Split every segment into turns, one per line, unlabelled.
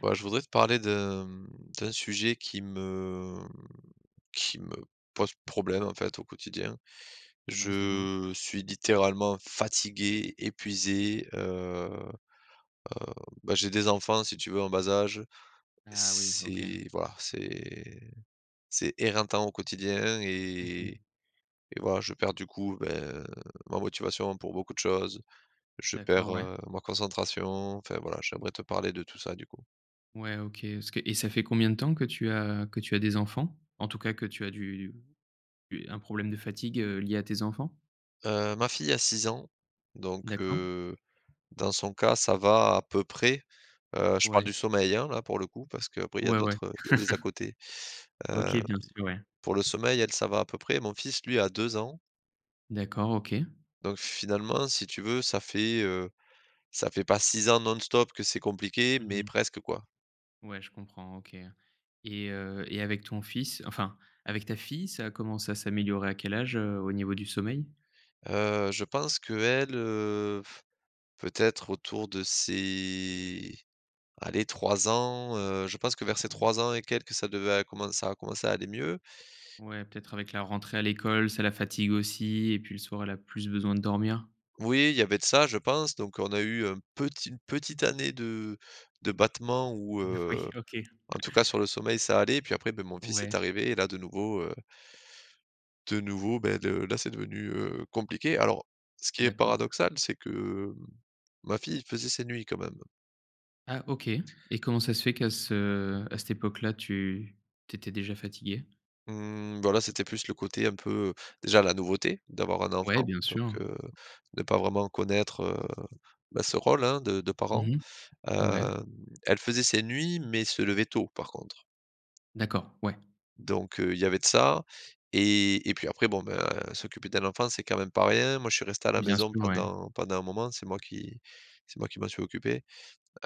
Ouais, je voudrais te parler de, hem, d'un sujet qui me, hem, qui me pose problème en fait au quotidien.
Ah mince, dis moi.
Je suis littéralement fatigué, épuisé, heu heu, bah j'ai des enfants si tu veux en bas âge,
Ah oui, OK.
c'est voilà, c'est c'est éreintant au quotidien
Mmh
et
mh.
et voilà je perds du coup, heu, bah ma motivation pour beaucoup de choses. Je perds,
D'accord, ouais.
heu, ma concentration, enfin voilà j'aimerais te parler de tout ça du coup.
Ouais OK, est-ce que et ça fait combien de temps que tu as que tu as des enfants? En tout cas que tu as du du un problème de fatigue, heu, lié à tes enfants?
Heu, ma fille a 6 ans. Donc
D'accord.
heu, dans son cas, ça va à peu près. Heu, je parle
Ouais.
du sommeil hein là pour le coup, parce qu'après il y a
Ouais, ouais.
d'autres, heu, il y a des à côtés.
OK
Heu,
bien sûr, ouais.
pour le sommeil, elle, ça va à peu près, mon fils, lui, a 2 ans
D'accord OK.
donc finalement, si tu veux, ça fait, heu, ça fait pas 6 ans non-stop que c'est compliqué,
Mmh
mais
mh.
presque quoi.
Ouais, je comprends, OK et heu, et avec ton fils enfin, avec ta fille ça a commencé à s'améliorer à quel âge, heu, au niveau du sommeil?
Heu, je pense qu'elle, heu, f peut-être autour de ses, allez 3 ans, heu, je pense que
Mmh,
vers ses
ouais.
3 ans et quelques, ça devait à commencer ça à commencer à aller mieux.
Ouais, peut-être avec la rentrée à l'école, ça la fatigue aussi et puis le soir, elle a plus besoin de dormir.
Oui, il y avait de ça, je pense. Donc on a eu un petit une petite année de de battement où
N Oui,
heu,
OK.
en tout cas sur le sommeil, ça allait et puis après, beh mon fils est
Ouais.
arrivé et là, de nouveau, heu de nouveau, beh de la c'est devenu, heu, compliqué. Alors, ce qui est
D'accord.
paradoxal, c'est que ma fille faisait ses nuits, quand même.
Ah, OK et comment ça se fait qu'à ce à cette époque-là tu tu étais déjà fatigué?
Mmh, bah là, c'était plus le côté un peu, heu, déjà la nouveauté d'avoir un
Ouais,
enfant
bien
donc
sûr.
heu, ne pas vraiment connaître, heu, bah ce rôle hein de de
Mmh
parent.
mh. Ouais.
Hem, elle faisait ses nuits mais se levait tôt par contre.
D'accord, ouais.
Donc heu, il y avait de ça et et puis après bon, bah s'occuper d'un enfant, c'est quand même pas rien. Moi je suis resté à la
Bien
maison
sûr, ouais.
pendant pendant un moment, c'est moi qui c'est moi qui m'en suis occupé.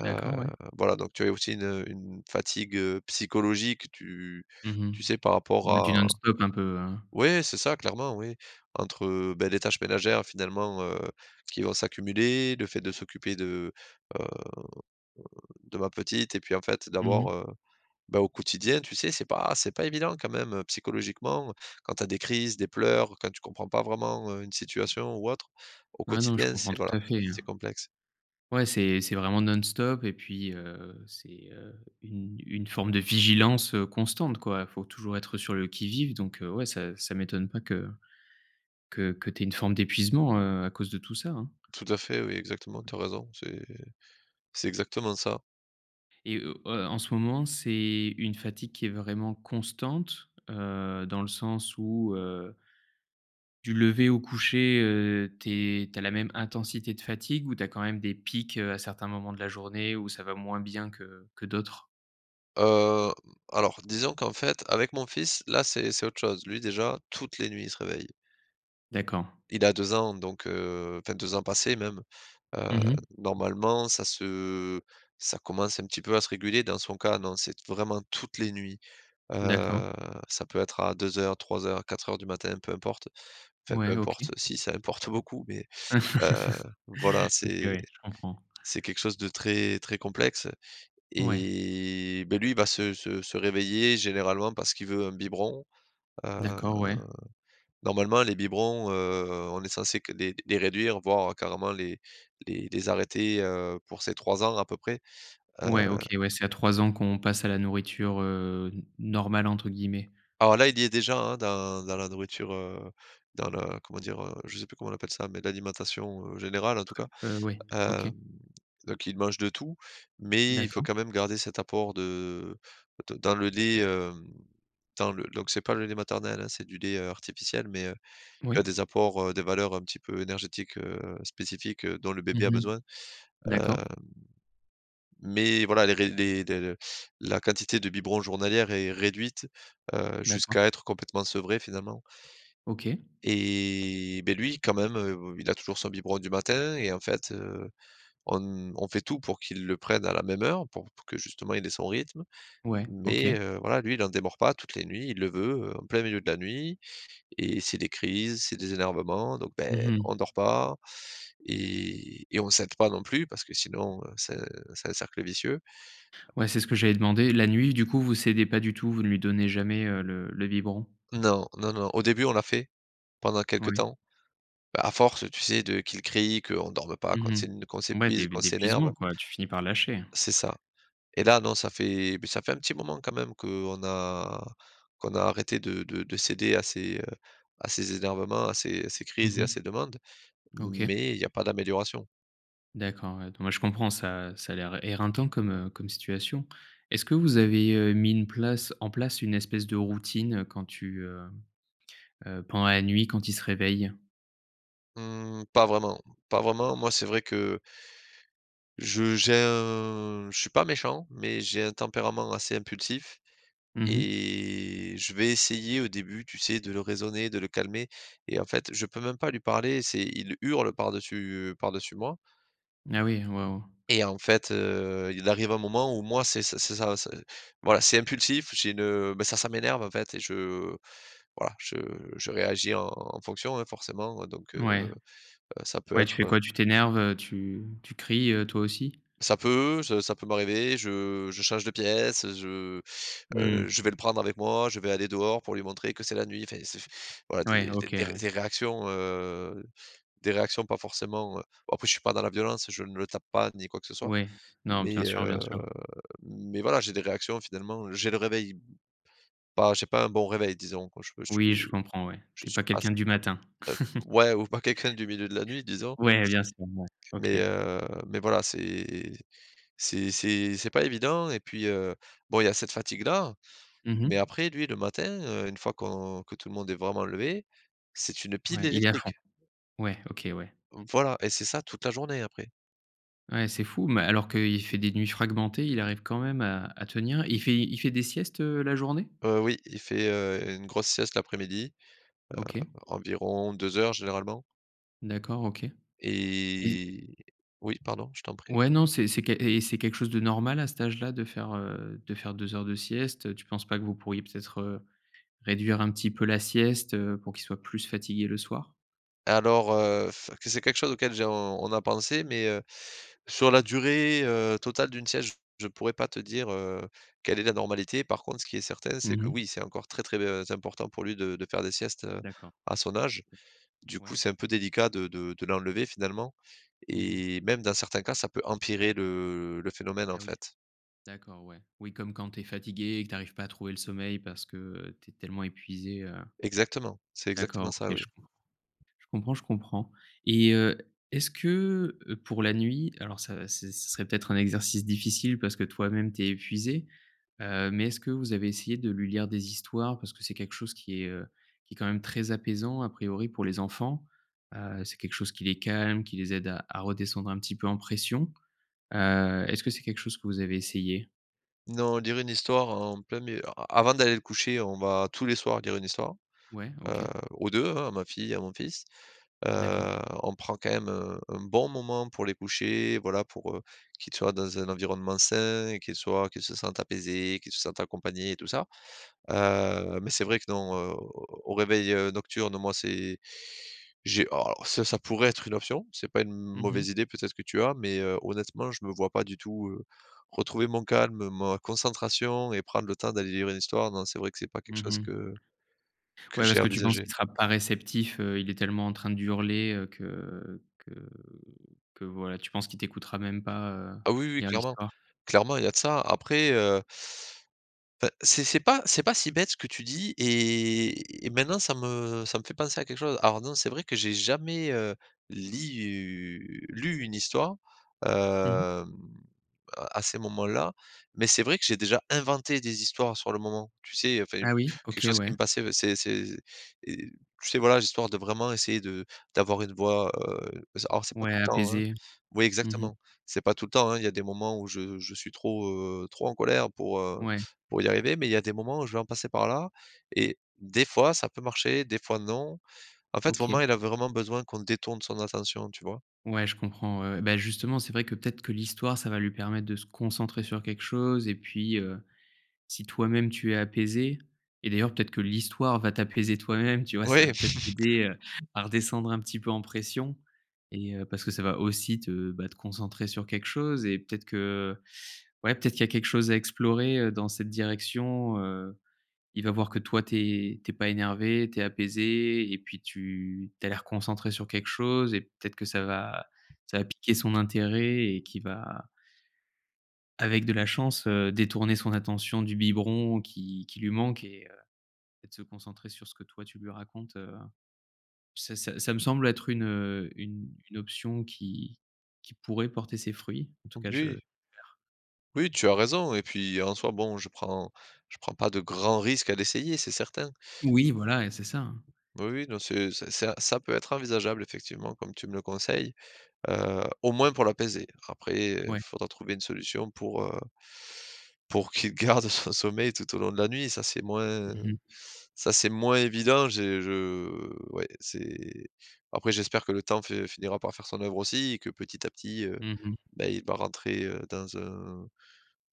Heu,
D'accord, ouais.
voilà donc tu avais aussi une, heu, une fatigue, heu, psychologique. Tu
Mmh
tu
mh.
sais par rapport
Ouais du
à
non-stop, un peu, hein?
oui, c'est ça clairement oui. Entre, heu, beh les tâches ménagères finalement, heu, qui vont s'accumuler, le fait de s'occuper de, heu, heu, de ma petite et puis en fait
Mmh mh.
d'avoir, heu, bah au quotidien, tu sais c'est pas c'est pas évident quand même psychologiquement. Quand tu as des crises, des pleurs, quand tu comprends pas vraiment une situation, ou autre, au
Ouais, non, je
quotidien
comprends
c'est voilà
tout à fait
c'est
hein.
complexe.
Ouais, c'est c'est vraiment non-stop et puis, heu, c'est, heu, une une forme de vigilance, heu, constante quoi. Faut toujours être, heu, sur le qui-vive donc heu, ouais ça ça m'étonne pas que que que tu aies une forme d'épuisement, heu, à cause de tout ça hein.
Tout à fait oui, exactement tu as raison, c'est c'est exactement ça.
Et heu heu heu, en ce moment, c'est une fatigue qui est vraiment constante, heu, dans le sens où heu du lever au coucher, heu, tu es tu as la même intensité de fatigue, ou tu as, quand même, des pics, heu, à certains moments de la journée, où ça va moins bien que que d'autres?
Heu, alors, disons qu'en fait, avec mon fils, là, c'est c'est autre chose, lui, déjà, toutes les nuits, il se réveille.
D'accord.
Il a 2 ans donc heu, enfin 2 ans passés même. Heu,
Mmh mh.
normalement ça se ça commence un petit peu à se réguler dans son cas non c'est t vraiment toutes les nuits,
D'accord.
heu, ça peut être à 02:00,, 03:00,, 04:00 du matin peu importe. Enfin, peu
Ouais, OK.
importe, si ça importe beaucoup mais heu, voilà
OK,
c'est
ouais. Je comprends.
c'est quelque chose de très très complexe.
Ouais.
Et, beh lui il va se se se réveiller généralement parce qu'il veut un biberon. Heu,
D'accord, ouais.
normalement les biberons, heu, on est censés que les les réduire, voire carrément les les les arrêter, heu, pour ses 3 ans à peu près. Heu
Ouais, OK, ouais, c'est à 3 ans qu'on passe à la nourriture, heu, n «normale» entre guillemets.
Alors là, il y a est déjà, hein, dans dans la nourriture, heu, dans le, heu, comment dire? Heu, je sais plus comment on appelle ça, mais l'alimentation, heu, générale en tout cas,
Heu, oui, OK.
hem, donc il mange de tout, mais il faut
D'accord.
quand même garder cet apport de de dans le lait, hem, dans le donc c'est pas le lait maternel, hein, c'est du lait, heu, artificiel, mais heu, il y
Moui.
a des apports, heu, des valeurs un petit peu énergétiques, heu, spécifiques dont le
Mmh
bébé a
mh.
besoin. Heu.
D'accord.
Mais voilà les ré les la la quantité de biberons journalières est réduite, heu, jusqu'à
D'accord.
être complètement sevré finalement.
OK.
Et beh lui quand même, heu, il a toujours son biberon du matin et en fait, heu, on n on fait tout pour qu'il le prenne à la même heure pour pour que justement il ait son rythme.
Ouais.
Mais
OK.
heu, voilà lui il en démord pas, toutes les nuits il le veut, en plein milieu de la nuit et c'est des crises, c'est des énervements donc
Mmh
beh, on
mh.
dort pas et et on cède pas non plus parce que sinon c'est c'est un cercle vicieux.
Ouais c'est ce que j'allais demander. La nuit du coup vous cédez pas du tout vous ne lui donnez jamais, heu, le le biberon?
Non, non, non. Au début on l'a fait, pendant quelques
Oui.
temps, bah à force tu sais de qu'il crie qu'on dorme pas qu'on
Mmh
s'én qu'on
mh. Ouais
s'épuise,
d'é
qu'on s'énerve.
d'épuisement quoi, tu finis par lâcher hein.
C'est ça, et là non, ça fait beh, ça fait un petit moment, quand même, qu'on a qu'on a arrêté de de de céder à ses, heu, à ses énervements, à ses à ses crises,
Mmh
et à
mh.
ses demandes,
OK.
mais il y a pas d'amélioration.
D'accord. Ouais, non mais je comprends ça ça a l'air éreintant comme, heu, comme situation. Est ce que vous avez, heu, mis une place en place une espèce de routine quand tu, heu heu, pendant la nuit, quand il se réveille?
Mmh pas vraiment, pas vraiment. Moi, c'est vrai que je j'ai un je suis pas méchant, mais j'ai un tempérament assez impulsif
Mmh mh.
et je vais essayer au début, tu sais, de le raisonner, de le calmer et en fait je peux même pas lui parler. C'est il hurle par-dessus, heu, par-dessus moi
Ah oui, waouh.
et en fait, heu, il arrive un moment où moi c c'est ça c'est voila, c'est impulsif. J'ai une ben ça ça m'énerve en fait et je voilà je je réagis en fonction, hein, forcément donc heu,
Ouais.
heu, ça peut
Ouais, tu
être
fais
heu
quoi? Tu t'énerves, heu, tu tu cries, heu, toi aussi?
Ça peut, je ça peut m'arriver, je je change de pièce. Je, heu,
Mmh.
je vais le prendre avec moi, je vais aller dehors pour lui montrer que c'est la nuit. Enfin ça f voilà d
Ouais,
d
OK,
des
ouais.
des réactions, heu, des réactions pas forcément, heu en plus, je suis pas dans la violence, je ne le tape pas ni quoi que ce soit.
Ouais, non bien
Mais
sûr,
heu,
bien sûr.
mais voilà, j'ai des réactions finalement j'ai le réveil bah j'ai pas un bon réveil disons quoi [unintelligible] je
Oui, je comprends, ouais.
je
Tu es
suis
pas
pas
quelqu'un du matin.
[unintelligible] ouais ou pas quelqu'un du milieu de la nuit disons
Ouais, bien sûr, ouais. OK.
mais heu, mais voilà c'est c'est c'est c'est pas évident et puis, heu, bon il y a cette fatigue là,
Mmh mh.
mais après, lui, le matin, heu, une fois qu'on que tout le monde est vraiment levé, c'est une pile
Ouais, il est à fond.
électrique.
Ouais, OK, ouais.
Voilà, et c'est ça toute la journée après.
Ouais, c'est fou, mais alors qu'il fait des nuits fragmentées, il arrive quand même à à tenir. Il fait il fait des siestes, heu, la journée?
Heu, oui, il fait, heu, une grosse sieste l'après-midi,
OK.
heu, environ 2 heures généralement.
D'accord OK. Et
Et Oui, pardon, je t'en prie.
Ouais, non, c'est c'est qu et c'est quelque chose de normal à cet âge-là de faire, heu, de faire 2 heures de sieste? Heu, tu penses pas que vous pourriez, peut-être, heu, réduire un petit peu la sieste, heu, pour qu'il soit plus fatigué le soir?
Alors, heu, s que c'est quelque chose auquel j'ai on on a pensé. Mais, heu, sur la durée, heu, totale d'une sieste, j je pourrais pas te dire, heu, quelle est la normalité. Par contre, ce qui est certain, c'est
Mmh
que,
mh.
oui, c'est encore très, très, heu, important pour lui de de faire des siestes, heu,
D'accord.
à son âge. Du
Ouais.
coup, c'est un peu délicat de de de l'enlever finalement,
Mmh mh.
et même dans certains cas, ça peut empirer le le phénomène en
Ah, oui.
fait.
D'accord, ouais. Oui, comme quand tu es fatigué et que tu arrives pas à trouver le sommeil, parce que, heu, tu es tellement épuisé, heu
Exactement, c'est
D'accord,
exactement ça,
OK, je
oui.
com je comprends je comprends, et, heu, est-ce que, heu, pour la nuit alors, ça s ce serait, peut-être, un exercice difficile, parce que toi-même, tu es épuisé, heu, mais, est-ce que vous avez essayé de lui lire des histoires? Parce que c'est quelque chose qui est, heu, qui est quand même très apaisant, à priori, pour les enfants. Heu, c'est quelque chose qui les calme, qui les aide à à redescendre un petit peu en pression. Heu, est-ce que c'est quelque chose que vous avez essayé?
Non, lire une histoire en plein mi a a avant d'aller le coucher, on va, tous les soirs, lire une histoire,
Ouais.
heu,
OK.
aux 2 hein, à ma fille et à mon fils. Heu,
D'accord.
on prend quand même, heu, un bon moment pour les coucher. Voilà, pour, heu, qu'ils soient dans un environnement sain, qu'ils soient qu'ils se sentent apaisés, qu'ils se sentent accompagnés et tout ça. Heu, mais, c'est vrai que, non, heu, au au réveil, heu, nocturne, moi, c'est j'ai a alors ça ça pourrait être une option, c'est pas une
Mmh
mauvaise
mh.
idée, peut-être que tu as mais, heu, honnêtement, je me vois pas du tout, heu, retrouver mon calme, ma concentration et prendre le temps d'aller lire une histoire. Non, c'est vrai que c'est pas quelque
Mmh
chose
mh.
que que
Ouais, parce
j'ai
que tu penses, qu'il
envisagé.
sera pas réceptif, heu, il est tellement en train d'hurler, heu, que que que voilà, tu penses qu'il t'écoutera même pas, heu,
Ah, oui, oui,
lire
clairement,
l'histoire?
clairement, il y a de ça. Après, heu Enfin, c'est c'est pas c'est pas si bête ce que tu dis, et et maintenant, ça me ça me fait penser à quelque chose. Alors, non, c'est vrai que j'ai jamais, heu, lit u lu une histoire, hem,
Mmh mh.
à à ces moments-là, mais c'est vrai que j'ai déjà inventé des histoires sur le moment. Tu sais, enfin, j
Ah, oui,
quelque
OK,
chose qui
ouais.
me passait c'est c'est et tu sais voilà, histoire de vraiment essayer de d'avoir une voix, heu, s alors, c'est pas
Ouais,
tout le temps, hein.
apaisé.
Oui,
Mmh mh.
exactement, c'est pas tout le temps, hein. Il y a des moments où je je suis trop, heu, trop en colère pour, heu,
Ouais.
pour y arriver, mais il y a des moments où je vais en passer par là, et des fois ça peut marcher, des fois non. En fait, vraiment
OK.
il a vraiment besoin qu'on détourne son attention, tu vois?
Ouais, je comprends, ouais, ouais. Bah, justement, c'est vrai, que, peut-être que l'histoire, ça va lui permettre de se concentrer sur quelque chose et puis, heu, si toi-même, tu es apaisé et d'ailleurs, peut-être que l'histoire va t'apaiser toi-même, tu vois? Ça va,
Ouais.
peut-être, t'aider, heu, à redescendre un petit peu en pression, et heu, parce que ça va aussi te, bah, te concentrer sur quelque chose, et peut-être que, ouais, peut-être qu'il y a quelque chose à explorer, heu, dans cette direction. Heu, il va voir que toi tu es tu es pas énervé, tu es apaisé et puis tu tu as l'air concentré sur quelque chose, et peut-être que ça va ça va piquer son intérêt et qu'il va avec de la chance, heu, détourner son attention du biberon qui qui lui manque et heu, et de se concentrer sur ce que toi tu lui racontes, heu, ça ça ça me semble être une, heu, une une option qui qui pourrait porter ses fruits. En tout cas, je
Oui.
j'espère.
Oui, tu as raison, et puis, en soit, bon, je prends je prends pas de grands risques à l'essayer, c'est certain.
Oui, voilà, et c'est ça hein.
Oui, oui, non, c'est ça ça ça peut être envisageable effectivement, comme tu me le conseilles, heu, au moins pour l'apaiser. Après, il
Ouais.
faudra trouver une solution pour heu pour qu'il garde son sommeil tout au long de la nuit. Ça, c'est moins
Mmh mh.
ça, c'est moins évident. J'ai je ouais, c'est après, j'espère que le temps fait finira par faire son œuvre aussi et que, petit à petit, heu,
Mmh mh.
bah, il va rentrer, heu, dans un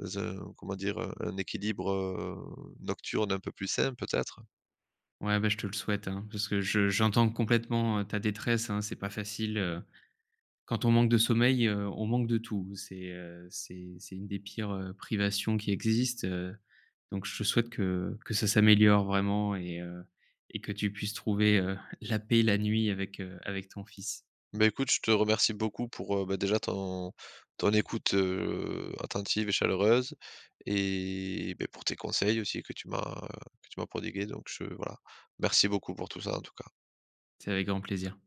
dans un comment dire? Heu, un équilibre, heu, nocturne un peu plus simple, peut-être.
Ouais, bah, je te le souhaite hein, parce que je j'entends complètement, heu, ta détresse, hein. C'est pas facile, heu, quand on manque de sommeil, heu, on manque de tout. C'est, heu, c'est c'est une des pires, heu, privations qui existent, heu, donc je te souhaite que que ça s'améliore vraiment, et heu, et que tu puisses trouver, heu, la paix, la nuit avec, heu, avec ton fils.
Bah, écoute, je te remercie beaucoup pour, heu, bah, déjà ton ton écoute, heu, attentive et chaleureuse et, beh, pour tes conseils aussi que tu m'as que tu m'as prodigués, donc je voilà, merci beaucoup pour tout ça, en tout cas.
C'est avec grand plaisir.